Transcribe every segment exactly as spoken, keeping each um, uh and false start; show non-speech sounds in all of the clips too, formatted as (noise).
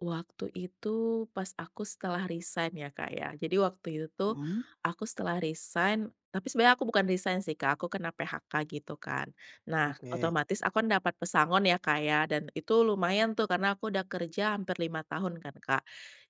Waktu itu, pas aku setelah resign ya, Kak, ya. Jadi waktu itu tuh, Mhm. aku setelah resign tapi sebenarnya aku bukan resign sih, Kak, aku kena PHK gitu kan. Nah, Oke. otomatis aku kan dapat pesangon ya, Kak, ya, dan itu lumayan tuh, karena aku udah kerja hampir lima tahun kan, Kak.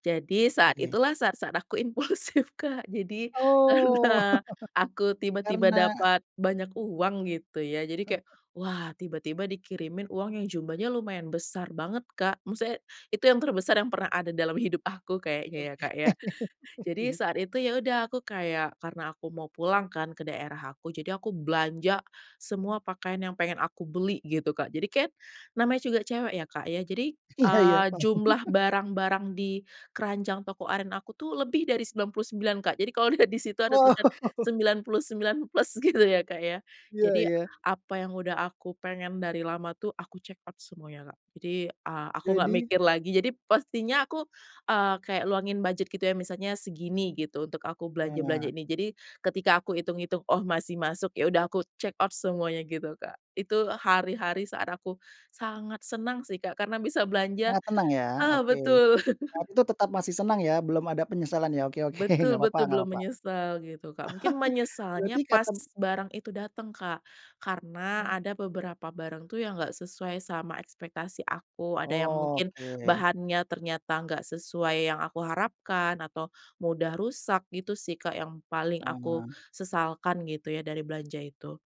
Jadi saat Oke. itulah saat-saat aku impulsif, Kak. Jadi Oh, karena aku (chuckles) tiba-tiba karena dapat banyak uang, gitu ya, jadi kayak, (chuckles) wah, tiba-tiba dikirimin uang yang jumlahnya lumayan besar banget, Kak. Maksudnya, itu yang terbesar yang pernah ada dalam hidup aku kayaknya ya, Oke. Kak, ya. (chuckles) Jadi Iya. saat itu, ya udah, aku kayak karena aku mau pulang kan, ke daerah aku, jadi aku belanja semua pakaian yang pengen aku beli gitu, Kak. Jadi kan, namanya juga cewek ya, Kak, ya, jadi, Iya iya, eee, paham. jumlah (chuckles) barang-barang di keranjang toko oren aku tuh, lebih dari sembilan puluh sembilan, Kak. Jadi kalau dilihat di situ ada Wow! tulisan (chuckles) sembilan puluh sembilan plus, gitu ya, Kak, ya. Iya, Jadi, ya. apa yang sudah aku pengen dari lama tuh, aku checkout semuanya, Kak. Jadi, eee, aku nggak Jadi mikir lagi. Jadi pastinya aku, eee, kayak luangin budget gitu ya, misalnya segini gitu untuk aku Ah. belanja-belanja ini. Jadi, ketika aku hitung-hitung, oh, masih masuk, ya udah, aku checkout semuanya gitu, Kak. Itu hari-hari saat aku sangat senang sih, Kak, karena bisa belanja Sangat tenang ya? ah, Oke. betul. Nah, itu tetap masih (chuckles) senang ya, belum ada penyesalan ya? Oke oke, nggak Betul papa betul, nggak belum papa. menyesal, gitu, Kak. Mungkin (chuckles) Berarti menyesalnya pas katem barang itu dateng Kak, karena Ah. ada beberapa barang tuh yang enggak sesuai sama ekspektasi aku, ada yang mungkin Oke. bahannya ternyata enggak sesuai yang aku harapkan, atau mudah rusak, gitu sih, Kak, yang paling aku Ah. sesalkan gitu ya, dari belanja itu.